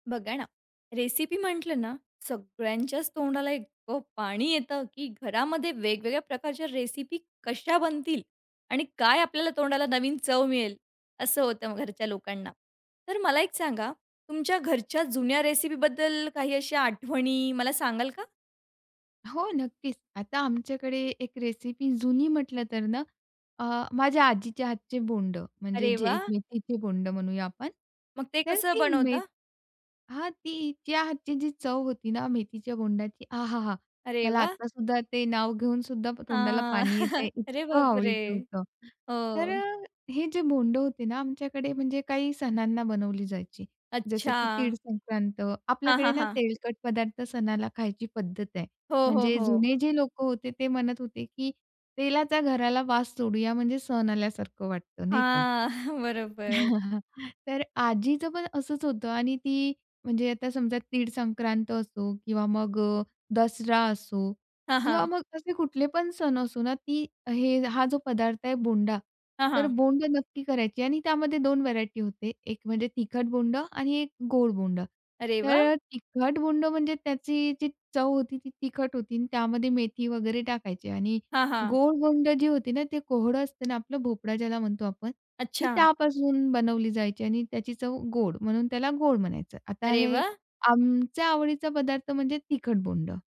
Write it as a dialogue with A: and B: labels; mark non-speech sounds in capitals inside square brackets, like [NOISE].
A: बघा ना, रेसिपी म्हटलं ना, सगळ्यांच्याच तोंडाला इतकं पाणी येतं की घरामध्ये वेगवेगळ्या प्रकारच्या रेसिपी कशा बनतील आणि काय आपल्याला तोंडाला नवीन चव मिळेल, असं होतं घरच्या लोकांना. तर मला एक सांगा, तुमच्या घरच्या जुन्या रेसिपीबद्दल काही अशा आठवणी मला सांगाल का?
B: हो, नक्कीच. आता आमच्याकडे एक रेसिपी जुनी म्हटलं तर ना, अ, माझ्या आजीच्या हातचे बोंडं म्हणजे
A: अरे
B: जे
A: वाह!
B: मेथीचे बोंडं म्हणूया आपण,
A: मग ते
B: तर
A: कसं
B: ती मे
A: बनवता?
B: हां, तीच्या हातची जी चव होती ना मेथीच्या बोंडाची. आहाहा!
A: अरे
B: मला
A: वाह!
B: आत्तासुद्धा ते नाव घेऊनसुद्धा
A: आ,
B: तोंडाला पाणी येतंय.
A: [CHUCKLES] अरे,
B: इतकं
A: बापरे!
B: आवडीचं होतं. तर
A: हो.
B: अ, हे जे बोंड होते ना, आमच्याकडे म्हणजे काही सणांना बनवली जायची. जसं की तीळ
A: अच्छा.
B: संक्रांत.
A: हां,
B: आपल्याकडे
A: हां,
B: ना
A: हां.
B: तेलकट पदार्थ सणाला खायची पद्धत आहे.
A: हो, हो,
B: म्हणजे
A: हो.
B: जुने जे लोकं होते ते म्हणत होते, की तेलाचा घराला वास सोडूया म्हणजे सण आल्यासारखं वाटतं नाही का.
A: हां, [CHUCKLES] बरोबर.
B: [CHUCKLES] तर आजीचं पण असंच होतं आणि ती म्हणजे आता समजा तीळ संक्रांत असो किंवा मग अ, दसरा असो
A: हां,
B: किंवा
A: हां.
B: मग असे कुठले पण सण असो ना, ती हे हा जो पदार्थ आहे बोंडा,
A: हां,
B: तर
A: हां.
B: बोंडं नक्की करायची आणि त्यामध्ये 2 व्हेरायटी होते. एक म्हणजे तिखट बोंडं आणि एक गोड बोंडं.
A: अरे
B: तर
A: वाह!
B: अ, तिखट बोंडं म्हणजे त्याची जी चव होती ती तिखट होती आणि त्यामध्ये मेथी वगैरे टाकायची आणि
A: हां, हां.
B: गोड बोंडं जी होती ना, ते कोहळं असतं ना आपलं, भोपळा ज्याला म्हणतो आपण. ती
A: अच्छा.
B: त्यापासून बनवली जायची आणि त्याची चव गोड म्हणून त्याला गोड म्हणायचं. आता
A: अरे
B: हे
A: वाह!
B: आमच्या आवडीचा पदार्थ म्हणजे तिखट बोंडं.